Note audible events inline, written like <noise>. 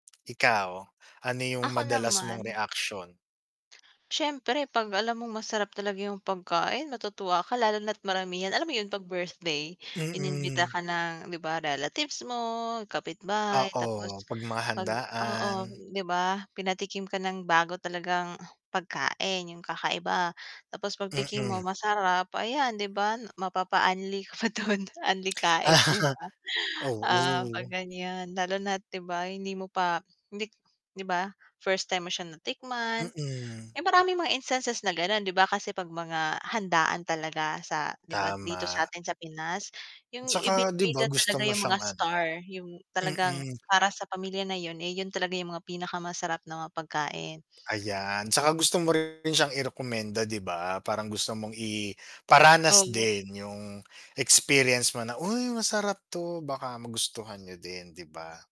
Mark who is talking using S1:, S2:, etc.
S1: <smacks lips> Ikaw, ano yung
S2: Ako
S1: madalas mong
S2: naman
S1: reaksyon?
S2: <smacks lips> syempre 'pag alam mong masarap talaga yung pagkain matutuwa ka lalo na't maramihan. Alam mo yun 'pag birthday inimbita
S1: Mm.
S2: ka ng, 'di ba, relatives mo, kapitbahay
S1: Oo,
S2: tapos
S1: 'pag mga
S2: pag oo,
S1: handaan.
S2: di ba? Pinatikim ka ng bago talagang <grunts> pagkain yung kakaiba, tapos pagtikim mo
S1: Mm.
S2: masarap ayan di ba mapapa-unli ka dun unli-kain, di
S1: <smacks lips>
S2: ba?
S1: Ah,
S2: Ah, pag
S1: oo.
S2: ganyan, lalo na't, 'di ba, hindi mo pa hindi 'di ba, first time mo siya natikman.
S1: Mm.
S2: Eh, maraming mga instances na ganon di ba, kasi 'pag mga handaan talaga sa, 'di ba, dito
S1: Tama.
S2: satin sa Pinas yung
S1: 'Tsaka, 'di ba,
S2: ibinibida
S1: gusto
S2: talaga
S1: mo
S2: yung mga
S1: siyang ano
S2: star yung talagang
S1: mm.
S2: para sa pamilya na yun, eh, yun talaga yung mga pinakamasarap na mga pagkain. <smacks lips>
S1: Ayan, 'tsaka gusto mo rin siyang irekomenda, 'di ba, parang gusto mong
S2: O
S1: iparanas
S2: 'yun.
S1: din yung experience mo na, "Uy masarap 'to baka magustuhan niyo din.", 'di ba?